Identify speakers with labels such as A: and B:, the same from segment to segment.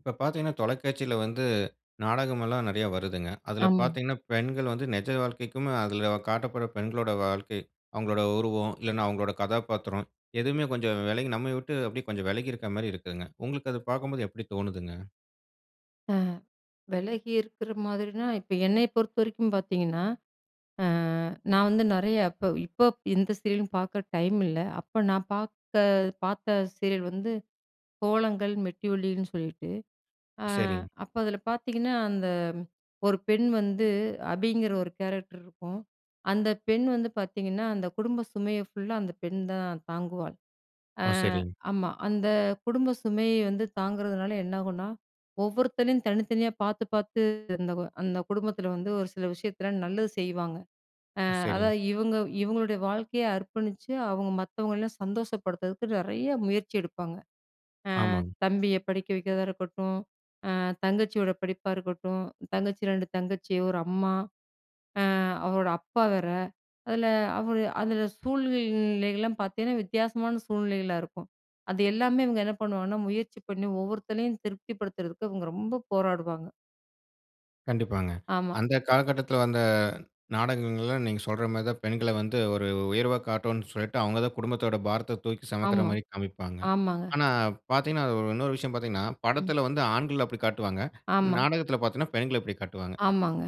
A: இப்ப பாத்தீங்கன்னா, தொலைக்காட்சில வந்து நாடகம் எல்லாம் நறைய வருதுங்க. அதுல
B: ஆமா.
A: பாத்தீங்கன்னா, பெண்கள் வந்து நெஜ வாழ்க்கைக்கும், அதுல காட்டப்படுற பெண்களோட வாழ்க்கை, அவங்களோட உருவம், இல்லனா அவங்களோட கதாபாத்திரம், எதுவுமே கொஞ்சம் வெலகி நம்ம விட்டு அப்படியே கொஞ்சம் வெலகி இருக் மாரி இருக்குங்க. உங்களுக்கு அது பாக்கும்போது எப்டி தோணுதுங்க?
B: அ வெலகி இருக்கிற மாதிரினா, இப்ப என்னைய பொறுத்தவரைக்கும் பாத்தீங்கன்னா, அ நான் வந்து நறைய இப்ப இப்பப் எந்த சீரியலும் பாக்க டைம் இல்ல. அப்ப நா பாத்த பாத்த சீரியல் வந்து கோலங்கள், மெட்டி ஒலின்னு சொல்லிட்டு. அ
A: சரிங்.
B: அப்ப அதுல பாத்தீங்கன்னா அந்த 1 ஒரு பெண் வந்து அபிங்கிற ஒரு கேரக்டர் இருக்கும். அந்த பெண் வந்து பாத்தீங்கன்னா, அந்த குடும்ப சுமைய ஃபுல்லா அந்த பெண் தான் தாங்குவாள். அ
A: ஆ சரிங்.
B: ஆமா அந்த குடும்ப சுமைய தாங்குறதுனால என்ன ஆகும்னா, ஒவ்வொருத்தளையும் தனித்தனியா பாத்து பாத்து இருந்தவ, அந்த குடும்பத்துல வந்து ஒரு சில விஷயத்தலாம் நல்லது செய்வாங்க.
A: ஆ
B: அ
A: சரிங்.
B: அதாவது இவங்க இவங்களுடைய வாழ்க்கைய அர்ப்பணிச்சு அவங்க மத்தவங்களல்லாம் சந்தோஷப்படுத்துறதுக்கு நறைய முயற்சி எடுப்பாங்க. அ
A: ஆமாங்.
B: தம்பிய படிக்க வைக்கிறதா இருக்கட்டும், அ தங்கச்சியோட படிப்பா இருக்கட்டும், தங்கச்சி, 2 தங்கச்சி, ஒரு அம்மா அ அவரோட அப்பா வேற. அதுல அவுரு அதுல சூழ்நிலைகளெல்லாம் பாத்தீங்கன்னா வித்தியாசமான சூழ்நிலைகளா இருக்கும். அது எல்லாமே இவங்க என்ன பண்ணுவாங்கன்னா, முயற்சி பண்ணி ஒவ்வொருத்தளையும் திருப்திபடுத்துறதுக்கு இவங்க ரொம்ப போராடுவாங்க.
A: கண்டிப்பாங்க.
B: ஆமா.
A: அந்த காலகட்டத்துல வந்த நாடகங்கள்ல, நீங்க சொல்றமாரி தான் பெண்கள வந்து ஒரு உயர்வா காட்டோன்னு சொல்லிட்டு, அவுங்க தான் குடும்பத்தோட பாரத்த தூக்கி
B: ஆமா.
A: செமக்கிறமாரி காமிப்பாங்க.
B: ஆமாங்க.
A: ஆனா பாத்தீங்கன்னா, அது ஒரு இன்னொரு விஷயம் பாத்தீங்கன்னா,
B: ம்.
A: படத்துல வந்து ஆண்கள அப்பிடி காட்டுவாங்க.
B: ஆமா.
A: நாடகத்துல பாத்தீங்கன்னா, பெண்கள இப்பிடி காட்டுவாங்க.
B: ஆமாங்க.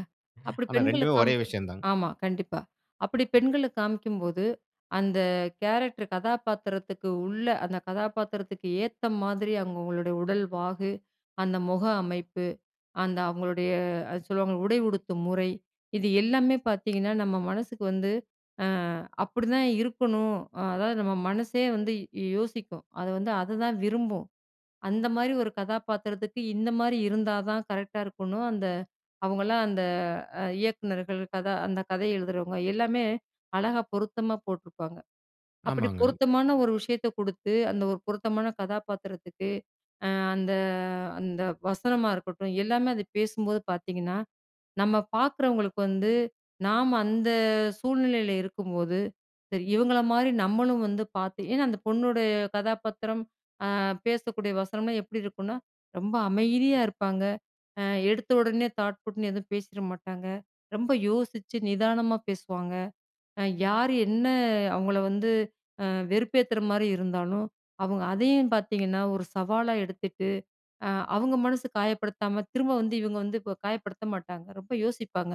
B: அப்பிடி
A: ஆனா,
B: பெண்கள
A: 2மே ஒரே
B: காமிக்
A: விஷயம் தாங்க.
B: ஆமா, கண்டிப்பா. அப்பிடி பெண்கள காமிக்கும்போது, அந்த கேரக்டர் கதாபாத்திரத்துக்கு உள்ள அந்த கதாபாத்திரத்துக்கு ஏத்த மாதிரி, அவுங்களோடய உடல் வாகு, அந்த முக அமைப்பு, அந்த அவுங்களுடைய அது சொல்லுவாங்கள்ல, உடை உடுத்தும் முறை, இது எல்லாமே பாத்தீங்கன்னா, நம்ம மனசுக்கு வந்து அ அப்பிடிதான் இருக்கணும். அ அதாவது நம்ம மனசே வந்து யோ யோசிக்கும். அது வந்து அத தான் விரும்பும். அந்தமாரி ஒரு கதாபாத்திரத்துக்கு, இந்தமாரி இருந்தா தான் கரெக்ட்டா இருக்கணும். அந்த அவுங்கள்லாம் அந்த, அ இயக்குனர்கள், கதா அந்த கதை எழுதுறவுங்க எல்லாமே, அழகா பொருத்தமா போட்டுருப்பாங்க. அப்பிடி
A: ஆமாங்க.
B: பொருத்தமான ஒரு விஷயத்த குடுத்து, அந்த ஒரு பொருத்தமான கதாபாத்திரத்துக்கு, அ அந்த அந்த வசனமா இருக்கட்டும், எல்லாமே அத பேசும்போது பாத்தீங்கன்னா, நம்ம பாக்குறவங்களுக்கு வந்து, நாம அந்த சூழ்நிலையில இருக்கும்போது, சரி, இவங்களமாரி நம்மளும் வந்து பாத்து ஏன்னா அந்த பொண்ணுடைய கதாபாத்திரம், அ பேசக்கூடிய வசனம்லாம் எப்பிடி இருக்குன்னா, ரொம்ப அமைதியா இருப்பாங்க. அ எடுத்த உடனே தாட் பூட்ன்னு எதுவும் பேசிற மாட்டாங்க. ரொம்ப யோசிச்சு நிதானமா பேசுவாங்க. அ யாரு என்ன அவுங்கள வந்து அ வெறுப்பேத்துறமாரி இருந்தாலும், அவுங்க அதையும் பாத்தீங்கன்னா, ஒரு சவாலா எடுத்துட்டு, அ அவுங்க மனசு காயப்படுத்தாம, திரும்ப வந்து இவுங்க வந்து இப்ப காயப்படுத்த மாட்டாங்க. ரொம்ப யோசிப்பாங்க.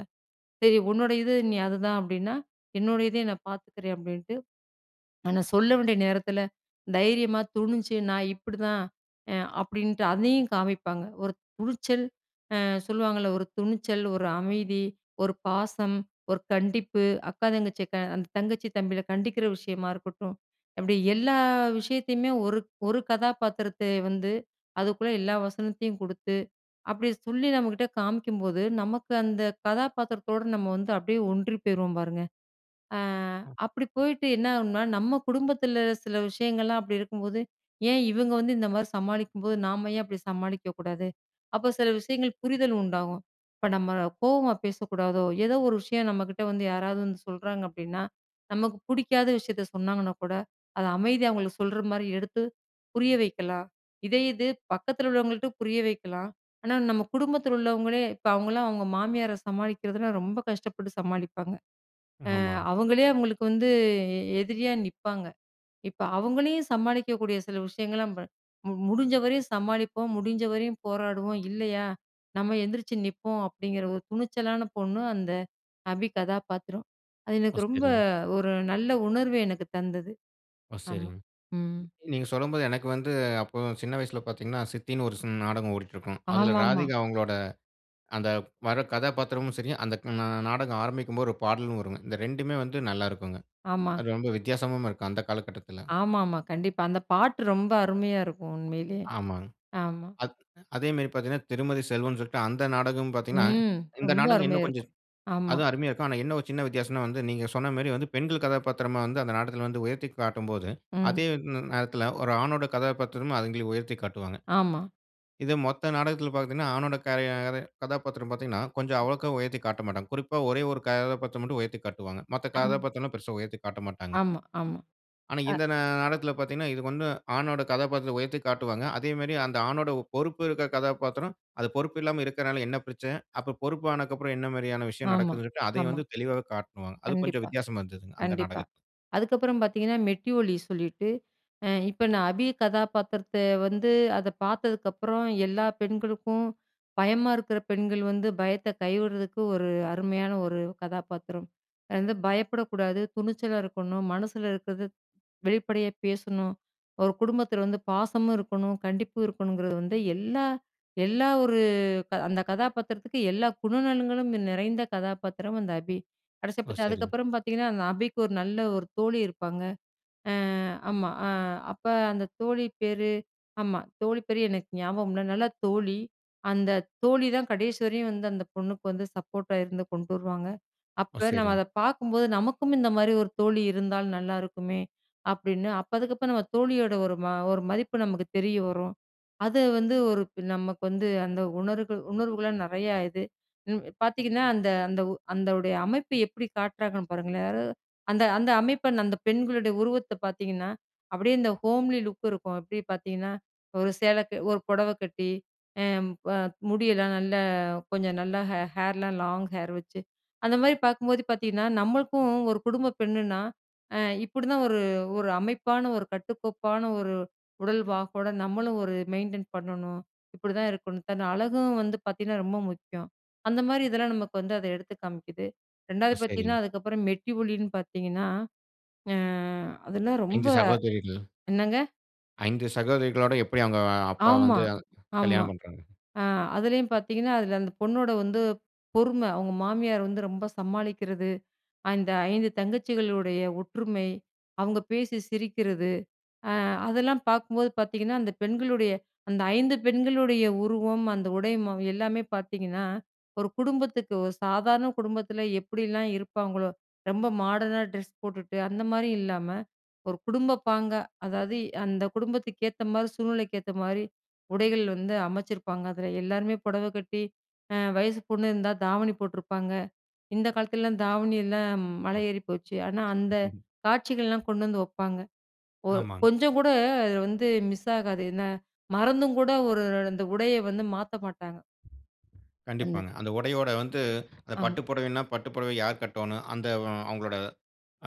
B: "சரி உன்னுடையது நீ அதுதான் அப்பிடின்னா, என்னுடைய இதையும் நான் பாத்துக்கிறேன்," அப்பிடின்ட்டு ஆனா சொல்ல வேண்டிய நேரத்துல, தைரியமா துணிஞ்சு, நான் இப்பிடிதான் அ அப்பிடின்ட்டு, அதையும் காமிப்பாங்க. ஒரு துணிச்சல் அ சொல்லுவாங்கள்ல, ஒரு துணிச்சல், ஒரு அமைதி, ஒரு பாசம், ஒரு கண்டிப்பு, அக்கா, தங்கச்சிய க அந்த தங்கச்சி தம்பிகள கண்டிக்கிற விஷயமா இருக்கட்டும், அப்பிடி எல்லா விஷயத்தையுமே ஒரு, ஒரு கதாபாத்திரத்தை வந்து அதுக்குள்ள எல்லா வசனத்தையும் குடுத்து, அப்பிடி சொல்லி நம்மக்கிட்ட காமிக்கும்போது, நமக்கு அந்த கதாபாத்திரத்தோட நம்ம வந்து அப்பிடியே ஒன்றி போயிருவோம் பாருங்க. அ
A: அ.
B: அப்பிடி போயிட்டு என்னாகும்ன்னா, நம்ம குடும்பத்துல சில விஷயங்கள்லாம் அப்பிடி இருக்கும்போது, "ஏன் இவுங்க வந்து இந்தமாரி சமாளிக்கும்போது, நாம ஏன் அப்பிடி சமாளிக்க கூடாது?" அப்போ சில விஷயங்கள் புரிதல் உண்டாவும். இப்ப நம்ம கோவமா பேசக்கூடாதோ! ஏதோ ஒரு விஷயம் நம்மக்கிட்ட வந்து யாராவது வந்து சொல்றாங்க அப்பிடின்னா, நமக்கு புடிக்காத விஷயத்த சொன்னாங்கன்னா கூட, அத அமைதியா அவுங்களுக்கு சொல்றமாரி எடுத்து புரிய வைக்கலாம். இதே இது பக்கத்துல உள்ளவங்கள்ட்ட புரிய வைக்கலாம். ஆனா, நம்ம குடும்பத்துல உள்ளவங்களே இப்ப அவுங்கள்லாம் அவுங்க மாமியார சமாளிக்கிறதுனா, ரொம்ப கஷ்டப்பட்டு சமாளிப்பாங்க. அ
A: ஆமாங்க.
B: அவுங்களே அவுங்களுக்கு வந்து எ எதிரியா நிப்பாங்க. இப்ப அவுங்களையும் சமாளிக்கக்கூடிய சில விஷயங்கள்லாம் ப மு முடிஞ்சவரையும் சமாளிப்போம், முடிஞ்சவரையும் போராடுவோம், இல்லயா, நம்ம எந்திரிச்சி நிப்போம். அப்பிடிங்கிற ஒரு துணிச்சலான பொண்ணு, அந்த அபி கதாபாத்திரம். அது
A: ஓ,
B: எனக்கு ரொம்ப,
A: சரிங்க.
B: ஒரு நல்ல உணர்வு எனக்கு தந்தது.
A: ஓ,
B: ஆமா.
A: சரிங்க.
B: ம்.
A: நீ நீங்க சொல்லும்போது, எனக்கு வந்து அப்போ சின்ன வயசுல பாத்தீங்கன்னா, சித்தின்னு ஒரு சின் நாடகம் ஓடிட்டு இருக்கும். அதுல
B: ஆமா, ஆமா.
A: ராதிகா அவுங்களோட, அந்த வர்ற கதாபாத்திரமும் சரி, அந்த நா நாடகம் ஆரம்பிக்கும்போது ஒரு பாடலும் வருங்க, இந்த 2மே வந்து, நல்லாயிருக்குங்க.
B: ஆமா.
A: அது ரொம்ப வித்தியாசமாவும் இருக்கும், அந்த காலகட்டத்துல.
B: ஆமா, ஆமா. கண்டிப்பா. அந்த பாட்டு ரொம்ப அருமையா இருக்கும். உண்மையிலயே
A: ஆமாங்க.
B: ஆமா.
A: அத் அதேமாரி பாத்தீங்கன்னா, திருமதி செல்வம்னு சொல்லிட்டு அந்த நாடகமும் பாத்தீங்கன்னா,
B: ம்.
A: இந்த
B: ரொம்ப
A: நாடகம்
B: அருமையா
A: இன்னும் கொஞ்சம்
B: இருக்கும். ஆமா.
A: அதுவும் அருமையா இருக்கும். ஆனா என்ன ஒரு சின்ன வித்தியாசன்னா வந்து, நீங்க சொன்னமாரி வந்து, பெண்கள் கதாபாத்திரமா வந்து அந்த நாடகத்துல வந்து உயர்த்தி காட்டும்போது,
B: ம்.
A: அதே ந நேரத்துல ஒரு ஆணோட கதாபாத்திரமும் அதுங்களே உயர்த்தி காட்டுவாங்க.
B: ஆமா.
A: இது மொத்த நாடகத்துல பாத்தீங்கன்னா, ஆணோட கரை யாரு கதாபாத்திரம் பாத்தீங்கன்னா, கொஞ்சம்
B: ம்.
A: அவ்வளவுக்கா உயர்த்தி காட்டமாட்டாங்க. குறிப்பா ஒரே 1 கதாபாத்திரம் மட்டும் உயர்த்திக் காட்டுவாங்க. மத்த
B: அம்.
A: கதாபாத்திரம்லாம் பெருசா உயர்த்தி காட்டமாட்டாங்க.
B: ஆமா, ஆமா.
A: ஆனா,
B: அ
A: இந்த நா நாடகத்துல பாத்தீங்கன்னா, இதுக்கு வந்து ஆணோட கதாபாத்திரத்த உயர்த்தி காட்டுவாங்க. அதேமாரி, அந்த ஆணோட பொறுப்பு இருக்கிற கதாபாத்திரம், அது பொறுப்பு இல்லாம இருக்குறனால என்ன பிரச்சன? அப்ப பொறுப்பானது அப்புறம் என்ன மாரியான விஷயம்
B: ஆமா,
A: நடக்குதுன்னு சொல்லிட்டு, அதையும்
B: ஆமா.
A: வந்து தெளிவாக காட்டுவாங்க. அது கொஞ்சம்
B: கண்டிப்பா.
A: வித்தியாசமா இருந்ததுங்க. அந்த
B: கண்டிப்பா.
A: நாடகத்துல.
B: அதுக்கப்பறம் பாத்தீங்கன்னா, மெட்டி ஒலி சொல்லிட்டு, அ இப்ப நான் அபி கதாபாத்திரத்த வந்து அத பாத்ததுக்கப்பறம், எல்லா பெண்களுக்கும், பயமா இருக்குற பெண்கள் வந்து பயத்த கைவிடுறதுக்கு ஒரு அருமையான ஒரு கதாபாத்திரம். அது வந்து பயப்படக்கூடாது, துணிச்சலா இருக்கணும், மனசுல இருக்குறத வெளிப்படையா பேசணும். ஒரு குடும்பத்துல வந்து பாசமும் இருக்கணும், கண்டிப்பும் இருக்கணுங்குறது வந்து, எல்லா, எல்லா ஒரு க அந்த கதாபாத்திரத்துக்கு, எல்லா குணநலன்களும் நிறைந்த கதாபாத்திரம் அந்த அபி. கடைசியா
A: ஓ!
B: பாத்தா,
A: சரிங்க.
B: அதுக்கப்பறம் பாத்தீங்கன்னா, அந்த அபிக்கு ஒரு நல்ல ஒரு தோழி இருப்பாங்க. அ, ஆமா, அ அப்ப அந்த தோழி பேரு ஆமா தோழி பேரு எனக்கு ஞாபகம் இல்ல. நல்ல தோழி. அந்த தோழி தான் கடைசி வரையும் வந்து, அந்த பொண்ணுக்கு வந்து சப்போட்டா இருந்து, கொண்டு வருவாங்க.
A: ஓ!
B: அப்ப நம்ம
A: சரிங்க.
B: அத பாக்கும்போது, நமக்கும் இந்த மாதிரி ஒரு தோழி இருந்தால் நல்லாயிருக்குமே! அப்பிடின்னு, அப்ப அதுக்கப்பறம் நம்ம தோழியோட ஒரு ம ஒரு மதிப்பு நமக்கு தெரிய வரும். அது வந்து ஒரு இப்ப நமக்கு வந்து அந்த உணர்கள் உணர்வுகள நெறையா இது. ம். இப் பாத்தீங்கன்னா, அந்த, அந்த உ அந்த உடைய அமைப்பு எப்பிடி காட்டுறாங்கன்னு பாருங்களேன் [unintelligible] அந்த அந்த அமைப்ப அந்த பெண்களுடைய உருவத்த பாத்தீங்கன்னா, அப்பிடியே இந்த ஹோம்லி லுக் இருக்கும். எப்பிடி பாத்தீங்கன்னா, ஒரு சேலைக்கு ஒரு புடவ கட்டி அ ப முடியெல்லாம் நல்லா, கொஞ்சம் நல்லா ஹே ஹேர்லாம் லாங் ஹேர் வச்சு, அந்த மாரி பாக்கும்போது பாத்தீங்கன்னா, நம்மளுக்கும் ஒரு குடும்ப பெண்ணுனா, அ இப்பிடிதான் ஒரு, ஒரு அமைப்பான, ஒரு கட்டுக்கோப்பான ஒரு உடல் வாகோட, நம்மளும் ஒரு மெயின்டெயின் பண்ணணும், இப்பிடிதான் இருக்கணும். தன் அழகும் வந்து பாத்தீங்கன்னா, ரொம்ப முக்கியம். அந்தமாரி இதெல்லாம் நமக்கு வந்து அத எடுத்து காமிக்குது,
A: ஓ!
B: 2வது பாத்தீங்கன்னா,
A: சரிங்க.
B: அதுக்கப்பறம் மெட்டி ஒலின்னு பாத்தீங்கன்னா, அ அதெல்லாம் ரொம்ப
A: 5 சகோதரிகளா?
B: என்னங்க?
A: 5 சகோதரிகளோட, எப்படி அவுங்க அப்பா
B: ஆமா,
A: வந்து
B: ஆமா.
A: கல்யாணம் பண்றாங்க?
B: அ அதுலயும் பாத்தீங்கன்னா, அதுல அந்த பொண்ணோட வந்து, பொறும, அவுங்க மாமியார் வந்து ரொம்ப சமாளிக்கிறது, அந்த 5 தங்கச்சிகளுடைய ஒற்றுமை, அவுங்க பேசி சிரிக்கிறது, அ அதெல்லாம் பாக்கும்போது பாத்தீங்கன்னா, அந்த பெண்களுடைய அந்த 5 பெண்களுடைய உருவம், அந்த உடை ம எல்லாமே பாத்தீங்கன்னா, ஒரு குடும்பத்துக்கு ஒரு சாதாரண குடும்பத்துல எப்டிலாம் இருப்பாங்களோ, ரொம்ப மாடர்னா டிரஸ் போட்டுட்டு, அந்த மாரி இல்லாம, ஒரு குடும்பப் பாங்கா, அதாவது அந்த குடும்பத்துக்கு ஏத்த மாரி, சூழ்நிலைக்கு ஏத்த மாதிரி உடைகள் வந்து அமச்சிருப்பாங்க. அதுல எல்லாருமே புடவ கட்டி, அ வயசுபொண்ணு இருந்தா தாவணி போட்ருப்பாங்க. இந்த காலத்துலலாம் தாவணி எல்லாம் மலை ஏறி போச்சு. ஆனா அந்த காட்சிகள்லாம்
A: [unintelligible]
B: கொண்டு வந்து வப்பாங்க. ஒ
A: ஆமாங்.
B: கொஞ்சம் கூட இதுல வந்து மிஸ் ஆகாது. என்ன? மறந்துங் கூட ஒரு அந்த உடைய வந்து மாத்த மாட்டாங்க. அந்த
A: கண்டிப்பாங்க. அந்த உடையோட வந்து, அந்த
B: ஆமா.
A: பட்டு புடவைனா, பட்டு புடவை யார் கட்டோணும்? அந்த வ அவுங்களோட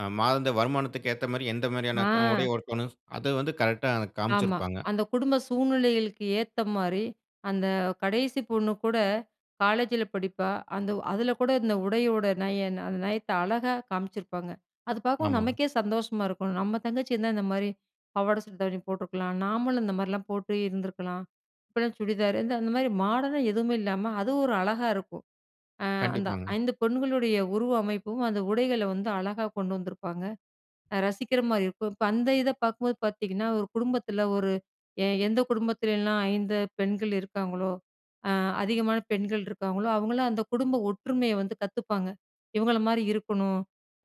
A: அ மாதாந்திர வருமானத்திக்கு ஏத்த மாரி, எந்த மாரியான க
B: ஆ.
A: உடைய உடுத்தோணும்? அத வந்து கரெக்ட்‌டா
B: ஆமா,
A: காம்ச்சுருப்பாங்க.
B: அந்த குடும்ப சூழ்நிலைகளுக்கு ஏத்த மாரி, அந்த கடைசி பொண்ணு கூட காலேஜ்ல படிப்பா. அந்த அதுல கூட இந்த உடையோட நயம் அந்த நயத்த அழகா காம்ச்சிருப்பாங்க. அது பாக்கவும்
A: ஆமாங்.
B: நமக்கே சந்தோஷமா இருக்கும். "நம்ம தங்கச்சி இருந்தா இந்த மாரி, பாவாட சட்ட தாவணி போட்ருக்கலாம், நாமளும் இந்த மாரிலாம் போட்டு இருந்திருக்கலாம்." இப்ப எல்லாம் சுடிதாரு, இந்த அந்த மாரி மாடர்னா எதுவுமே இல்லாம அது ஒரு அழகா இருக்கும். அ அந்த
A: கண்டிப்பாங்க.
B: 5 பெண்களுடைய உருவ அமைப்பும், அந்த உடைகள வந்து அழகா கொண்டு வந்திருப்பாங்க. அ ரசிக்கிற மாரி இருக்கும். இப்ப அந்த இத பாக்கும்போது பாத்தீங்கன்னா, ஒரு குடும்பத்துல ஒரு எ எந்த குடும்பத்துலலாம் 5 பெண்கள் இருக்காங்களோ, அ அதிகமான பெண்கள் இருக்காங்களோ, அவங்கலாம் அந்த குடும்ப ஒற்றுமைய வந்து கத்துப்பாங்க. இவுங்கள மாரி இருக்கணும்,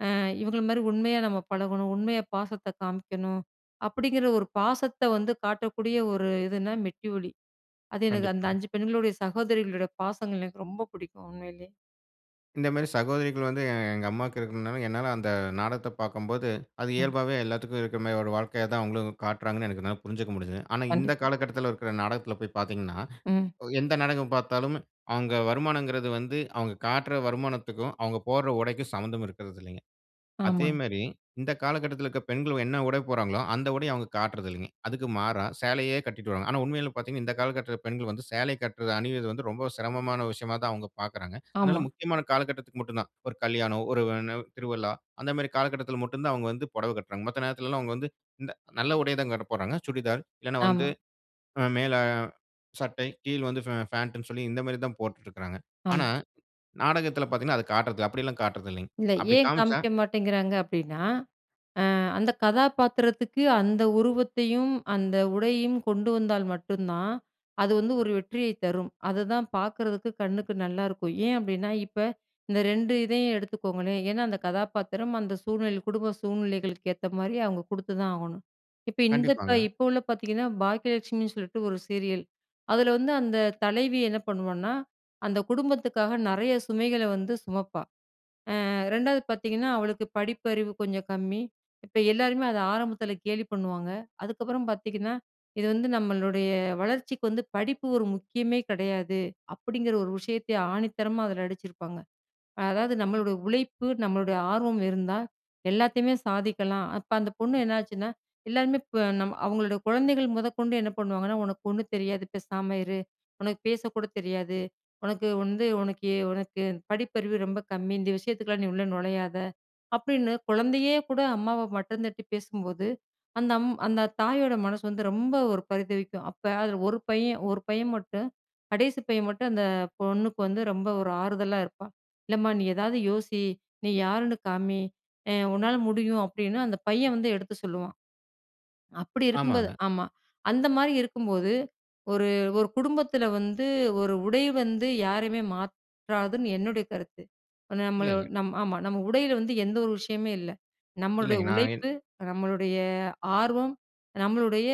B: அ இவுங்கள மாரி உண்மையா நம்ம பழகணும், உண்மையா பாசத்த காமிக்கணும், அப்டிங்கிற ஒரு பாசத்த வந்து காட்டக்கூடிய ஒரு இதுனா "மெட்டி ஒலி." அது எனக்கு அந்த
A: கண்டிப்பாங்க.
B: 5 பெண்களுடைய, சகோதரிகளுடைய பாசங்கள் எனக்கு ரொம்ப புடிக்கும் உண்மையிலயே.
A: இந்த மாதிரி சகோதரிகள் வந்து, எங்க அம்மாக்கு இருக்கணும்னால, என்னால அந்த நாடகத்த பாக்கும்போது, அது
B: ம்.
A: இயல்பாவே எல்லாத்துக்கும் இருக்கிற மாதிரி ஒரு வாழ்க்கைய தான் அவங்களும் காட்றாங்கன்னு எனக்கு என்னால புரிஞ்சுக்க முடிஞ்சுது. ஆனா இந்த
B: கண்டிப்பா.
A: காலகட்டத்தில இருக்கிற நாடகத்தில போய் பார்த்தீங்கன்னா,
B: ம்.
A: எந்த நாடகம் பாத்தாலும், அவங்க வருமானங்கிறது வந்து, அவங்க காட்டுற வருமானத்துக்கும், அவங்க போடுற உடைக்கும் சம்மந்தம் இருக்குறது இல்லைங்க. அதே
B: ஆமாங்க.
A: மாரி, இந்த காலகட்டத்தில இருக்குற பெண்கள் என்ன உடை போடுறாங்களோ, அந்த உடைய அவுங்க காட்றதில்லிங்க. அதுக்கு மாறா, சேலையே கட்டிட்டு வராங்க. ஆனா உண்மையில பார்த்தீங்கன்னா, இந்த காலகட்டத்தில பெண்கள் வந்து, சேலை கட்ரத அணிவது வந்து, ரொம்ப சிரமமான விஷயமா தான் அவுங்க பாக்குறாங்க.
B: ஆமா.
A: அதனால முக்கியமான காலகட்டத்துக்கு மட்டும் தான். ஒரு கல்யாணம், ஒரு வ் ன்ன திருவிழா, அந்த மாதிரி காலகட்டத்தில மட்டும் தான் அவுங்க வந்து, பொடவை கட்றாங்க. மத்த நேரத்திலலாம் அவங்க வந்து, இந்த நல்ல உடைய தான்ங்க போடறாங்க. சுடிதார், இல்லன்னா வந்து
B: ஆமா.
A: மேல சட்டை, கீழ் வந்து ஃபே ஃபேண்ட் ன்னு சொல்லி, இந்த மாரி தான் போட்டுட்ருக்காங்க.
B: ஆமா.
A: ஆனா, நாடகத்தில பார்த்தீங்கன்னா, அத காட்றது அப்படில்லாம் காட்றதில்லிங்க.
B: இல்ல,
A: அப்படி
B: ஏன்
A: காமிச்சா
B: காமிக்க மாட்டேங்கிறாங்க அப்டின்னா, அ அந்த கதாபாத்திரத்துக்கு அந்த உருவத்தையும், அந்த உடையையும், கொண்டு வந்தால் மட்டுந்தான், அது வந்து ஒரு வெற்றியைத் தரும். அது தான் பாக்குறதுக்கு, கண்ணுக்கு நல்லாருக்கும். ஏன் அப்டின்னா, இப்ப இந்த 2 இதயும் எடுத்துக்கோங்களேன். ஏன்னா அந்த கதாபாத்திரம், அந்த சூழ்நிலை குடும்ப சூழ்நிலைகளுக்கு ஏத்த மாதிரி, அவுங்க குடுத்துதான் ஆகணும். இப்ப இந்த இப்ப
A: கண்டிப்பாங்க.
B: இப்ப உள்ள பார்த்தீங்கன்னா, "பாக்கியலட்சுமின்னு" சொல்லிட்டு ஒரு சீரியல். அதில வந்து, அந்த தலைவி என்ன பண்ணுவான்னா, அந்த குடும்பத்துக்காக நிறைய சுமைகள வந்து சுமப்பா. அ 2வது பார்த்தீங்கன்னா, அவளுக்கு படிப்பறிவு கொஞ்சம் கம்மி. இப்ப எல்லாருமே அத ஆரம்பத்தில கேலி பண்ணுவாங்க. அதுக்கப்புறம் பார்த்தீங்கன்னா இது வந்து நம்மளுடைய, வளர்ச்சிக்கு வந்து படிப்பு ஒரு முக்கியமே கிடையாது. அப்படிங்கிற ஒரு விஷயத்தை ஆணித்தரமா அதுல அடிச்சிருப்பாங்க. அதாவது நம்மளோட உழைப்பு, நம்மளுடைய ஆர்வம் இருந்தா, எல்லாத்தையுமே சாதிக்கலாம். அப்ப அந்த பொண்ணு என்னாச்சுன்னா, எல்லாருமே இப்ப நம்ம அவங்களோட குழந்தைகள் முதற்கொண்டு, என்ன பண்ணுவாங்கன்னா, ஒனக்கு ஒண்ணும் தெரியாது பேசாம இரு. உனக்கு பேசக்கூட தெரியாது. உனக்கு வந்து உனக்கு உனக்கு படிப்பறிவு ரொம்ப கம்மி. இந்த விஷயத்துக்குலாம் நீ உள்ள நுழையாத அப்டின்னு, குழந்தையே கூட அம்மாவ மட்டந்தட்டி பேசும்போது, அந்த அம் அந்த தாயோட மனசு வந்து, ரொம்ப ஒரு பரிதவிக்கும். அப்ப அதுல ஒரு பையன் ஒரு பையன் மட்டும், கடைசி பையன் மட்டும் அந்த பொண்ணுக்கு வந்து, ரொம்ப ஒரு ஆறுதலா இருப்பான். "இல்லம்மா நீ ஏதாவது யோசி. நீ யாருன்னு காமி. அ உன்னால முடியும்" அப்டின்னு அந்த பையன் வந்து எடுத்து சொல்லுவான். அப்படி இருக்கும்போது
A: ஆமாங்க.
B: ஆமா. அந்த மாதிரி இருக்கும்போது, ஒரு ஒரு குடும்பத்தில வந்து, ஒரு உடை வந்து, யாரையுமே மாற்றாதுன்னு என்னுடைய கருத்து. ப்ப நம்மள
A: இல்லைங்க.
B: நம் ஆமா, நம்ம உடையில வந்து, எந்த ஒரு விஷயமே இல்லை. நம்மளுடைய
A: இல்லைங்க நான் இன்
B: உழைப்பு, நம்மளுடைய ஆர்வம், நம்மளுடைய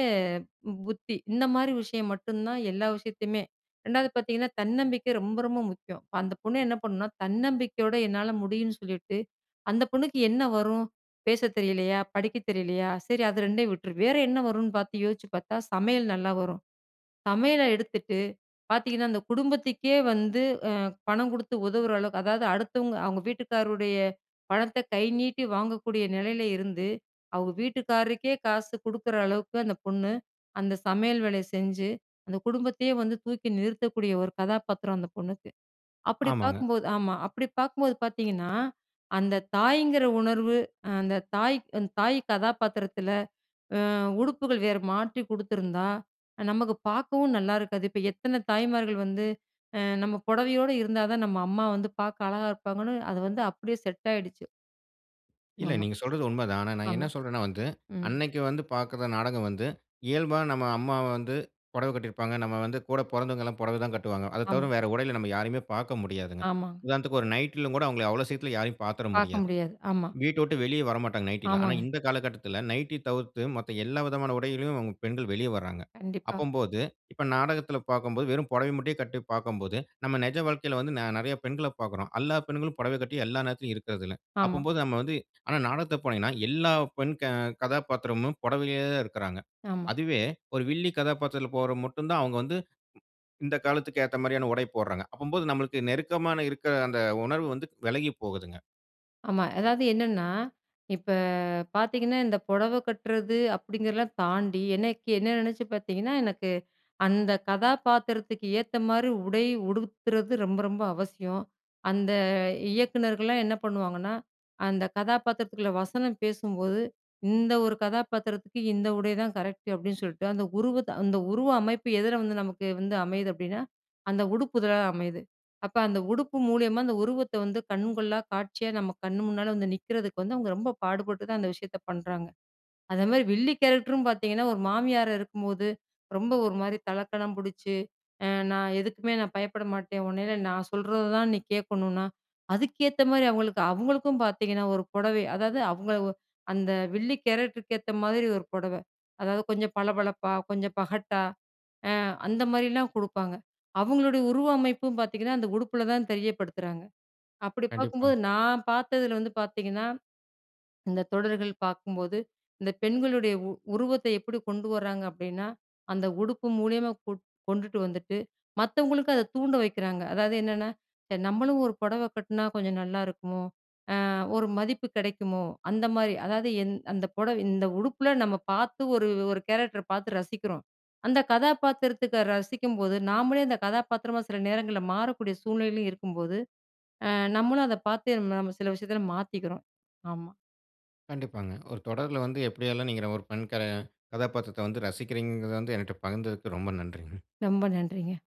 B: புத்தி, இந்த மாதிரி விஷயம் மட்டும் தான், எல்லா விஷயத்தயுமே 2வது பார்த்தீங்கன்னா, தன்னம்பிக்கை ரொம்ப ரொம்ப முக்கியம். அந்த பொண்ணு என்ன பண்ணுனா, தன்னம்பிக்கையோட என்னால முடியுன்னு சொல்லிட்டு, அந்த பொண்ணுக்கு என்ன வரும்? பேச தெரியலையா, படிக்க தெரியலையா, சரி அது 2யும் விட்டுரு. வேற என்ன வரும்னு பார்த்து யோசிச்சு பார்த்தா, சமையல் நல்லா வரும். சமையல எடுத்துட்டு பார்த்தீங்கன்னா அந்த குடும்பத்துக்கே, வந்து அ பணம் குடுத்து உதவுற அளவுக்கு அதாவது அடுத்தவங்க அவங்க வீட்டுக்காரருடைய பணத்த கை நீட்டி வாங்கக்கூடிய நிலையில இருந்து. அவுங்க வீட்டுக்காரருக்கே காசு குடுக்குற அளவுக்கு அந்த பொண்ணு, அந்த சமையல் வேலைய செஞ்சு, அந்த குடும்பத்தயே வந்து, தூக்கி நிறுத்தக்கூடிய ஒரு கதாபாத்திரம், அந்த பொண்ணுக்கு. அப்புடி
A: ஆமாங்க.
B: பாக்கும்போது ஆமா. அப்புடி பாக்கும்போது பார்த்தீங்கன்னா, அந்த தாய்ங்கிற உணர்வு, அந்த தாய் தாய் கதாபாத்திரத்தில, அ உடுப்புகள் வேறு மாற்றி குடுத்துருந்தா, நமக்கு பாக்கவும் நல்லாயிருக்காது. இப்ப எத்தன தாய்மார்கள் வந்து, அ நம்ம பொடவையோடு இருந்தா தான், நம்ம அம்மா வந்து பாக்க அழகா இருப்பாங்கன்னு, அத வந்து அப்டியே செட் ஆயிடுச்சு.
A: இல்ல.
B: ஆமா,
A: நீங்க சொல்றது உண்ம தான். ஆனா நான் என்ன
B: ஆமா.
A: சொல்றேன்னா வந்து,
B: ம்.
A: அன்னைக்கு வந்து பார்க்குற நாடகம் வந்து இயல்பா நம்ம அம்மாவ வந்து புடவ கட்டிருப்பாங்க. நம்ம வந்து கூட பொறந்தவங்க எல்லாம் புடவ தான் கட்டுவாங்க. அத தவர
B: ஆம்.
A: வேற உடையில நம்ம யாரையுமே பார்க்க முடியாதுங்க.
B: ஆமாங்க.
A: உதாரணத்துக்கு ஒரு நைட்‌ல கூட அவங்கள அவ்வளோ சீக்கிரத்தில யாரையும் பார்த்துற
B: பார்க்க
A: முடியாது.
B: முடியாது. ஆமா.
A: வீட்ட வுட்டு வெளியே வரமாட்டாங்க நைட்டில. ஆனா
B: ஆமாங்க.
A: இந்த காலகட்டத்தில நைட்டி தவிர்த்து மத்த எல்லா விதமான உடையிலும் பெண்கள் வெளிய வர்றாங்க.
B: கண்டிப்பா.
A: அப்பம்போது இப்ப நாடகத்தில பார்க்கும்போது வெறும் புடவைய மட்டுமே கட்டி பார்க்கும்போது, நம்ம நெஜ வாழ்க்கையில வந்து நெ நெறைய பெண்களப் பார்க்குறோம். எல்லா பெண்களும் புடவ கட்டி எல்லா நேரத்திலும் இருக்கிறதில்ல.
B: ஆமா.
A: அப்பம்போது நம்ம வந்து ஆனா நாடகத்த போனீங்கன்னா எல்லா பெண் க கதாப்பாத்திரமும் புடவையிலே இருக்கறாங்க.
B: ஆமா.
A: அதுவே ஒரு வில்லி கதாபாத்திரத்தில போடுறது மட்டும் தான் அவங்க வந்து இந்த காலத்துக்கு ஏத்த மாதிரியான உடை போடுறாங்க. அப்பம்போது நம்மளுக்கு நெருக்கமான இருக்க அந்த உணர்வு வந்து விலகிப் போகுதுங்க.
B: ஆமா. அதாவது என்னன்னா, இப்ப பார்த்தீங்கன்னா, இந்த புடவ கட்டுறது அப்டிங்கிறதலாம் தாண்டி, எனைக்கு என்ன நெனச்சு பார்த்தீங்கன்னா, எனக்கு அந்த கதாபாத்திரத்துக்கு ஏத்த மாரி உடை உடுத்துறது ரொம்ப ரொம்ப அவசியம். அந்த இயக்குனர்கள்லாம் என்ன பண்ணுவாங்கன்னா, அந்த கதாபாத்திரத்துக்குள்ள வசனம் பேசும்போது இந்த 1 கதாபாத்திரத்துக்கு இந்த உடைதான் கரெக்ட் அப்டின்னு சொல்ட்டு, அந்த உருவத்த அந்த உருவ அமைப்பு எதில வந்து நமக்கு வந்து அமையுது அப்டின்னா அந்த உடுப்புதான் அமையுது. அப்ப அந்த உடுப்பு மூலியமா அந்த உருவத்த வந்து கண் கொள்ளா காட்சியா நம்ம கண்ணு முன்னால வந்து நிக்குறதுக்கு வந்து அவங்க ரொம்ப பாடுபட்டு தான் அந்த விஷயத்த பண்றாங்க. அதே மாரி வில்லி கேரக்டரும் பார்த்தீங்கன்னா, 1 மாமியார் இருக்கும்போது ரொம்ப ஒரு மாரி தலக்கணம் புடிச்சு, அ நான் எதுக்குமே நான் பயப்பட மாட்டேன். உன்னையில நான் சொல்றததான் நீ கேட்கணுனா, அதுக்கேத்த மாரி அவங்களுக்கு அவங்களுக்கும் பார்த்தீங்கன்னா 1 புடவை. அதாவது அவங்கள ஒ அந்த வில்லி கேரக்டருக்கு ஏத்த மாதிரி 1 புடவ. அதாவது கொஞ்சம் பளபளப்பா, கொஞ்சம் பகட்டா அ அந்த மாரிலாம் குடுப்பாங்க. அவங்களுடைய உருவமைப்பும் பார்த்தீங்கன்னா, அந்த உடுப்புல தான் தெரியப்படுத்துறாங்க. அப்டி
A: கண்டிப்பா.
B: பார்க்கும்போது நான் பாத்ததில வந்து பார்த்தீங்கன்னா, இந்த தொடர்கள் பார்க்கும்போது இந்த பெண்களுடைய உ உருவத்தை எப்டி கொண்டு வராங்க அப்டின்னா, அந்த உடுப்பு மூலியமா கொ கொண்டுட்டு வந்துட்டு மத்தவங்களுக்கு அதை தூண்ட வைக்கிறாங்க. அதாவது என்னன்னா நம்மளும் ஒரு புடவ கட்டினா கொஞ்சம் நல்லாருக்குமோ? அ ஒரு மதிப்பு கிடைக்குமோ? அந்த மாரி. அதாவது எந் அந்த புடவை இந்த உடுப்புல நம்ம பார்த்து ஒரு 1 கேரக்டர பார்த்து ரசிக்கிறோம். அந்த கதாபாத்திரத்துக்கு ரசிக்கும்போது, நாம்ளே அந்த கதாபாத்திரமா சில நேரங்கள்ல மாறக்கூடிய சூழ்நிலைலயும் இருக்கும்போது, அ நம்மளும் அத பார்த்தே நம்ம சில விஷயத்துல மாத்திக்கிறோம். ஆமா.
A: கண்டிப்பாங்க. ஒரு தொடர்ல வந்து எப்டியெல்லாம் நீங்க ஒரு பெண் கேர் கதாபாத்திரத்த வந்து ரசிக்கிறீங்கங்கிறத வந்து எனட்ட பகிர்ந்ததுக்கு, ரொம்ப நன்றிங்க.
B: ரொம்ப நன்றிங்க.